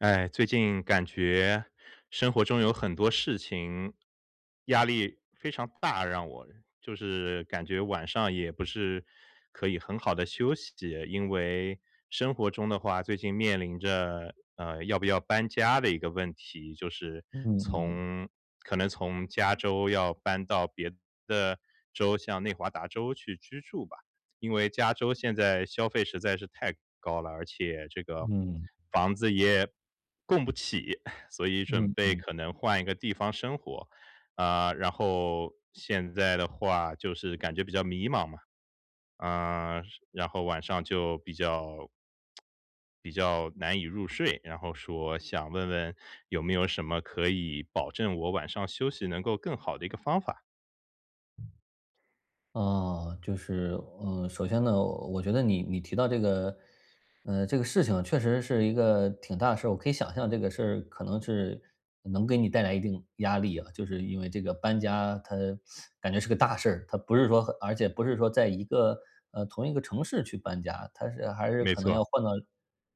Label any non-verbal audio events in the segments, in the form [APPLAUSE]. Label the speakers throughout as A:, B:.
A: 唉，最近感觉生活中有很多事情压力非常大让我，就是感觉晚上也不是可以很好地休息。因为生活中的话最近面临着，呃，要不要搬家的一个问题，就是
B: 嗯嗯。
A: 从可能从加州要搬到别的州，像内华达州去居住吧。因为加州现在消费实在是太高了，而且这个
B: 嗯。
A: 房子也供不起，[CHUCKLES] 所以准
B: 嗯
A: 备
B: 嗯。
A: 可能换一个地方生活。啊，然后现在的话就是感觉比较迷茫嘛。呃，然后晚上就比较 [SMACKS LIPS] 比较难以入睡，然后说想问问，有没有什么可以保证我晚上休息能够更好的一个方法？
B: 呃，就是，呃，首先呢，我觉得你你提到这个，呃，这个事情确实是一个挺大的事儿。我可以想象这个事儿可能是能给你带来一定压力啊，就是因为这个搬家，它 [SUCKS TEETH] 感觉是个大事儿，它不是说很而且不是说在一个呃，同一个城市去搬家，它是还是
A: 没
B: 可能
A: 错。
B: 要换到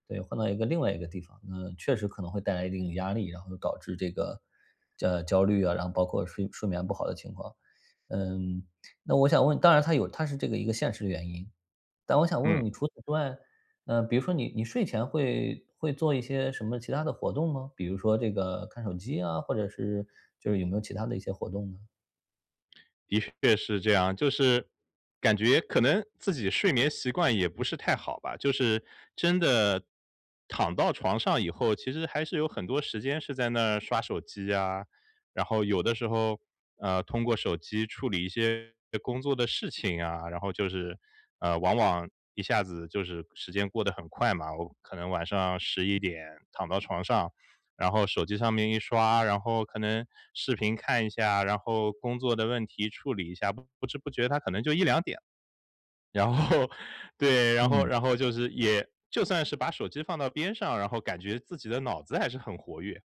B: 对，换到一个另外一个地方。呃，确实可能会带来一定的压力，然后导致这个焦焦虑啊，然后包括睡睡眠不好的情况。嗯，那我想问，当然它有它是这个一个现实原因，但我想问问
A: 嗯。
B: 你除此之外，呃，比如说你你睡前会会做一些什么其它的活动吗？比如说这个看手机啊，或者是就是有没有其它的一些活动呢？
A: 的确是这样，就是，感觉可能自己睡眠习惯也不是太好吧。就是真的躺到床上以后，其实还是有很多时间是在那儿刷手机啊。然后有的时候，呃，通过手机处理一些工作的事情啊。然后就是，呃，往往一下子就是时间过得很快嘛。我可能晚上11点躺到床上，然后手机上面一刷，然后可能视频看一下，然后工作的问题处理一下，不知不觉它可能就1-2点。然后对，然后
B: 嗯。
A: 然后就是也就算是把手机放到边上，然后感觉自己的脑子还是很活跃。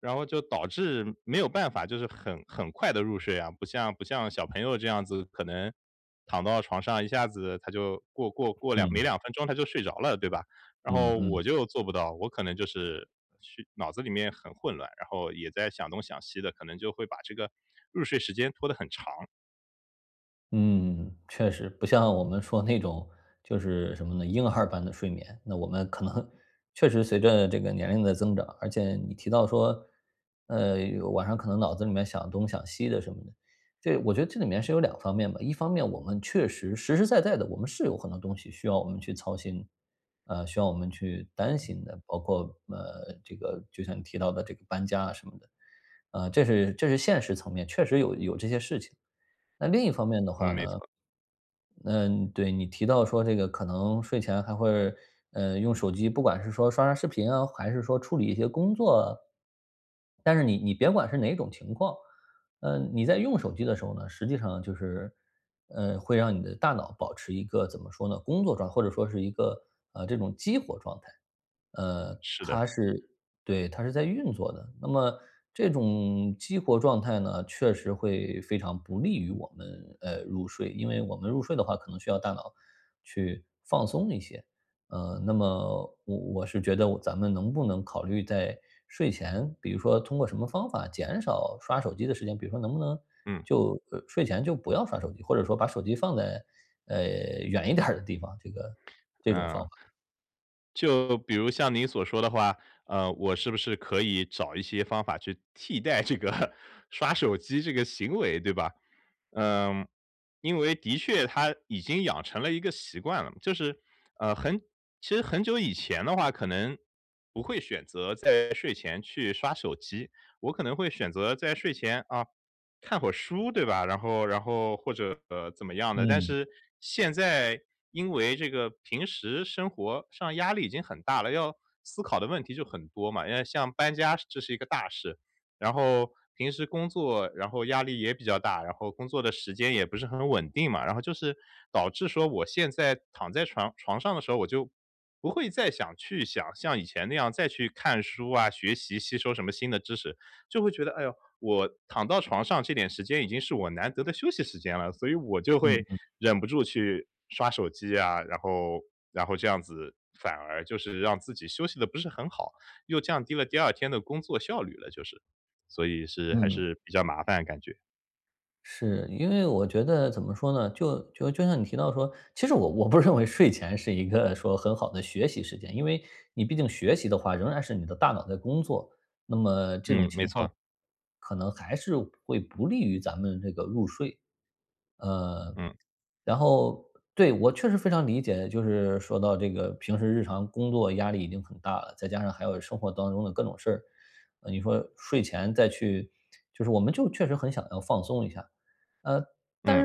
A: 然后就导致没有办法就是很很快地入睡啊，不像不像小朋友这样子，可能躺到床上，一下子他就过过过2没
B: 嗯。
A: 2分钟他就睡着了，对吧？然
B: 嗯
A: 后
B: 嗯。
A: 我就做不到，我可能就是去脑子里面很混乱，然后也在想东想西的，可能就会把这个入睡时间拖得很长。
B: 嗯，确实，不像我们说那种就是什么呢，婴儿般的睡眠。那我们可能确实随着这个年龄的增长，而且你提到说，呃，晚上可能脑子里面想东想西的什么的。这我觉得这里面是有两方面吧，一方面我们确实实实在在的，我们是有很多东西需要我们去操心，呃，需要我们去担心的。包括，呃，这个就像你提到的这个搬家啊什么的，呃，这是这是现实层面，确实有有这些事情。那另一方面的
A: 嗯，
B: 话
A: 没
B: 呢，
A: 错。
B: 嗯，对，你提到说这个可能睡前还会，呃，用手机，不管是说刷刷视频啊，还是说处理一些工作。但是你你别管是哪种情况，呃，你在用手机的时候呢，实际上就是，呃，会让你的大脑保持一个怎么说呢，工作状态或者说是一个，呃，这种激活状态。呃，
A: 是的。
B: 它是对，它是在运作的。那么这种激活状态呢，确实会非常不利于我们，呃，入睡，因为我们入睡的话可能需要大脑去放松一些。呃，那么我我是觉得我咱们能不能考虑在睡前，比如说通过什么方法减少刷手机的时间。比如说能不能
A: 嗯。
B: 就，呃，睡前就不要刷手机，或者说把手机放在，呃，远一点儿的地方，这个这种方
A: 嗯。
B: 法。
A: 就比如像您所说的话，呃，我是不是可以找一些方法去替代这个刷手机这个行为，对吧？嗯，因为的确它已经养成了一个习惯了，就是，呃，很其实很久以前的话可能不会选择在睡前去刷手机。我可能会选择在睡前，啊，看会儿书对吧，然后然后或者，呃，怎么样的。但
B: 嗯。
A: 是现在，因为这个平时生活上压力已经很大了，要思考的问题就很多嘛。因为像搬家这是一个大事，然后平时工作，然后压力也比较大，然后工作的时间也不是很稳定嘛。然后就是导致说我现在躺在床床上的时候，我就不会再想去想像以前那样再去看书啊，学习吸收什么新的知识。就会觉得，哎呦，我躺到床上这点时间已经是我难得的休息时间了，所以我就
B: 嗯
A: 会
B: 嗯。
A: 忍不住去刷手机啊。然后然后这样子反而就是让自己休息得不是很好，又降低了第二天的工作效率了，就是所以是还
B: 嗯。
A: 是比较麻烦感觉。
B: 是，因为我觉得怎么说呢，就就就像你提到说其实我我不认为睡前是一个说很好的学习时间。因为你毕竟学习的话仍然是你的大脑在工作，那么这种
A: 嗯，没
B: 情况，
A: 错。
B: 可能还是会不利于咱们这个入睡。呃，
A: 嗯。
B: 然后对，我确实非常理解，就是说到这个平时日常工作压力已经很大了，再加上还有生活当中的各种事儿。你说睡前再去就是我们就确实很想要放松一下。
A: 嗯。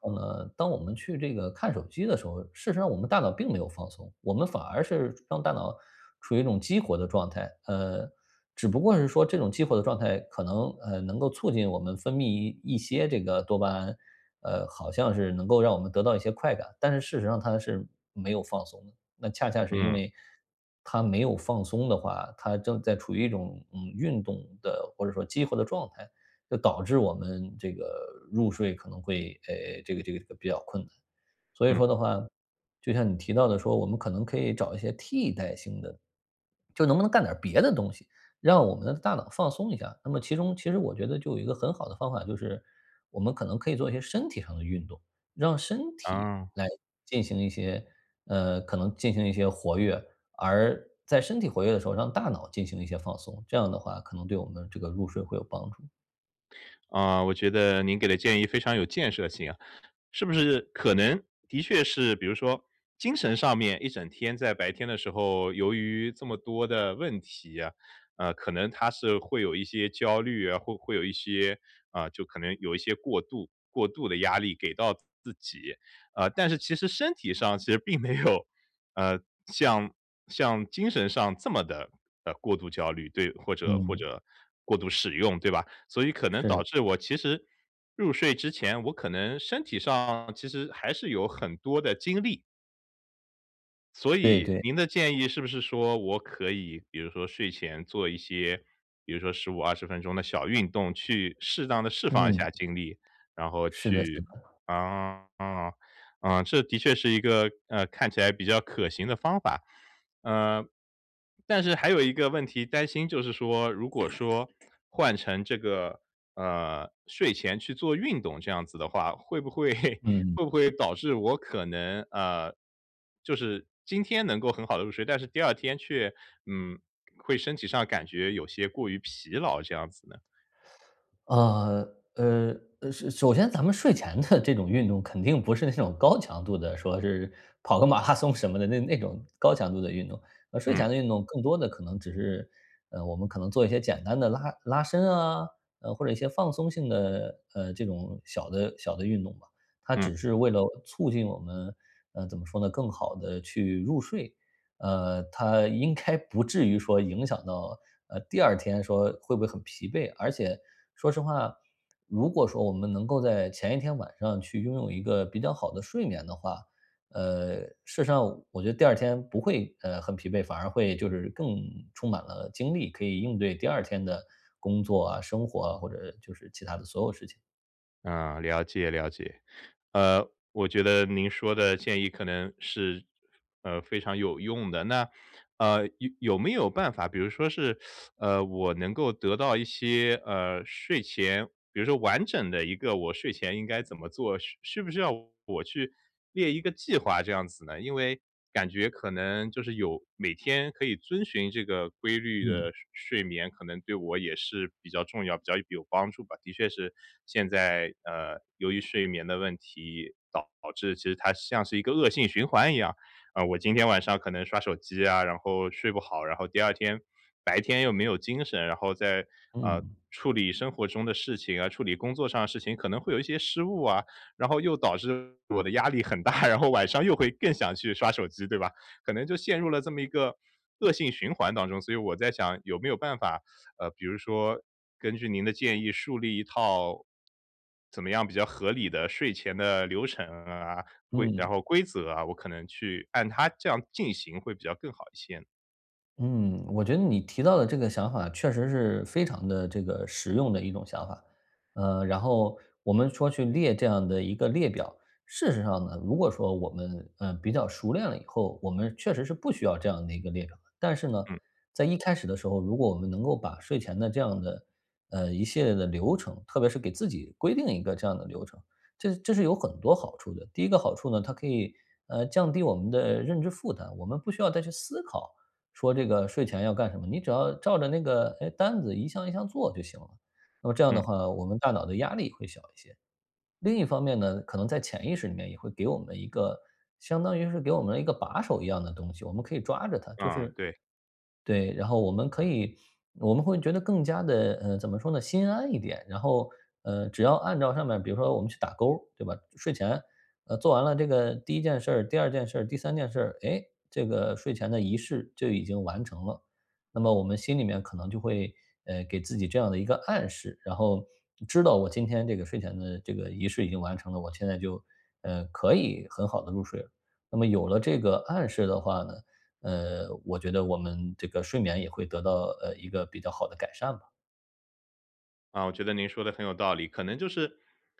B: 呃，但是事实上呢，当我们去这个看手机的时候，事实上我们大脑并没有放松。我们反而是让大脑处于一种激活的状态。呃，只不过是说这种激活的状态可能，呃，能够促进我们分泌一一些这个多巴胺。呃，好像是能够让我们得到一些快感。但是事实上它是没有放松的，那恰恰是因
A: 嗯。
B: 为它没有放松的话，它正在处于一种，嗯，运动的或者说激活的状态，就导致我们这个入睡可能会哎，这个这个比较困难。所以
A: 嗯。
B: 说的话，就像你提到的说，我们可能可以找一些替代性的。就能不能干点儿别的东西，让我们的大脑放松一下。那么其中其实我觉得就有一个很好的方法，就是，我们可能可以做一些身体上的运动。让身体
A: 哦。
B: 来进行一些呃，可能进行一些活跃，而在身体活跃的时候让大脑进行一些放松，这样的话可能对我们这个入睡会有帮助。
A: 啊，我觉得您给的建议非常有建设性啊。是不是可能的确是，比如说精神上面一整天在白天的时候，由于这么多的问题啊，呃，可能它是会有一些焦虑啊，会会有一些啊，就可能有一些过度过度的压力给到自己，啊，但是其实身体上其实并没有，呃，像像精神上这么地，呃，过度焦虑。对，或者或
B: 嗯。
A: 者过度使用，对吧？所以可能导
B: 是。
A: 致我其实，入睡之前我可能身体上其实还是有很多的精力。所
B: 对
A: 以
B: 对。
A: 您的建议是不是说我可以比如说睡前做一些，比如说15、20分钟的小运动，去适当地释放一
B: 嗯。
A: 下精力，然后
B: 是的是
A: 去
B: 的。
A: 啊，啊，啊，这的确是一个，呃，看起来比较可行的方法。呃，但是还有一个问题担心就是说，如果说换成这个，呃，睡前去做运动这样子的话，会不会会
B: 嗯。
A: 不会导致我可能，啊，就是今天能够很好地入睡，但是第2天却嗯，会身体上感觉有些过于疲劳，这样子呢。
B: [SUCKS TEETH] 呃，呃，呃是首先咱们睡前的这种运动肯定不是那种高强度的，说是跑个马拉松什么的那那种高强度的运动。呃，睡
A: 嗯。
B: 前的运动更多的可能只是，呃，我们可能做一些简单的拉拉伸啊，或者一些放松性的，呃，这种小的小的运动吧。它
A: 嗯。
B: 只是为了促进我们，呃，怎么说呢，更好地去入睡。呃，它应该不至于说影响到呃，第2天说会不会很疲惫。而且说实话，如果说我们能够在前一天晚上去拥有一个比较好的睡眠的话，呃，事实上我觉得第2天不会，呃，很疲惫，反而会就是更充满了精力。可以应对第2天的工作啊、生活啊，或者就是其他的所有事情。
A: 嗯，了解了解。呃，我觉得您说的建议可能是，呃，非常有用的。那，呃，有有没有办法，比如说是，[SUCKS TEETH] 呃，我能够得到一些，呃，睡前比如说完整的一个我睡前应该怎么做，是是不是要我去列一个计划这样子呢？因为感觉可能就是有每天可以遵循这个规律
B: 嗯。
A: 的睡睡眠，可能对我也是比较重要，比较有帮助吧。的确是现在，呃，由于睡眠的问题导致其实它像是一个恶性循环一样。呃，我今天晚上可能刷手机啊，然后睡不好，然后第2天白天又没有精神，然后再呃，
B: 嗯。
A: 处理生活中的事情啊，处理工作上的事情，可能会有一些失误啊，然后又导致我的压力很大，然后晚上又会更想去刷手机，对吧。可能就陷入了这么一个，恶性循环当中。所以我在想有没有办法呃，比如说，根据您的建议树立一套怎么样比较合理的睡前的流程啊，规
B: 嗯。
A: 然后规则啊，我可能去按它这样进行会比较更好一些。
B: 嗯，我觉得你提到的这个想法确实是非常地这个实用的一种想法，呃，然后我们说去列这样的一个列表。事实上呢，如果说我们，呃，比较熟练了以后，我们确实是不需要这样的一个列表。但是呢，
A: 嗯。
B: 在一开始的时候，如果我们能够把睡前的这样的，呃，一系列的流程，特别是给自己规定一个这样的流程，这这是有很多好处的。第一个好处呢，它可以，呃，降低我们的认知负担，我们不需要再去思考，说这个睡前要干什么，你只要照着那个，呃，单子一项一项做就行了。那么这样的
A: 嗯。
B: 话，我们大脑的压力会小一些。另一方面呢，可能在潜意识里面也会给我们一个相当于是给我们了一个把手一样的东西，我们可以抓着它，就
A: 嗯，
B: 是
A: 对。
B: 对，然后我们可
A: 嗯。
B: 以，我们会觉得更加地呃，怎么说呢，心安一点，然后，呃，只要按照上面比如说我们去打勾，对吧，睡前，呃，做完了这个第1件事儿，第2件事儿，第3件事儿，诶，这个睡前的仪式就已经完成了。那么我们心里面可能就会，呃，给自己这样的一个暗示，然后知道我今天这个睡前的这个仪式已经完成了，我现在就，呃，可以很好地入睡了。那么有了这个暗示的话呢，呃，我觉得我们这个睡眠也会得到，呃，一个比较好的改善吧。
A: 啊，我觉得您说的很有道理。可能就是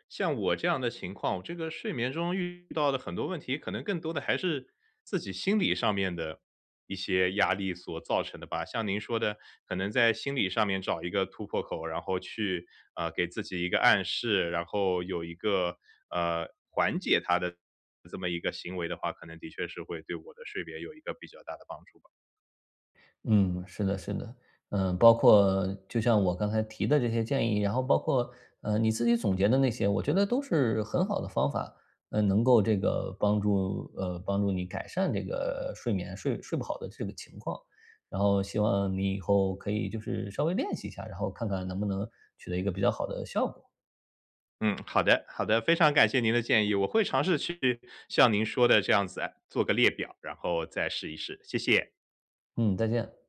A: 像我这样的情况，这个睡眠中遇到的很多问题可能更多的还是自己心理上面的一些压力所造成的吧。像您说的可能在心理上面找一个突破口，然后去，呃，给自己一个暗示，然后有一个，呃，缓解它的这么一个行为的话，可能的确是会对我的睡眠有一个比较大的帮助吧。
B: 嗯，是的是的，呃，包括就像我刚才提的这些建议，然后包括，呃，你自己总结的那些，我觉得都是很好的方法。呃，能够这个帮助呃，帮助你改善这个睡眠睡睡不好的这个情况。然后希望你以后可以就是稍微练习一下，然后看看能不能取得一个比较好的效果。
A: 嗯，好的好的，非常感谢您的建议，我会尝试去像您说的这样子做个列表，然后再试一试，谢谢。
B: 嗯，再见。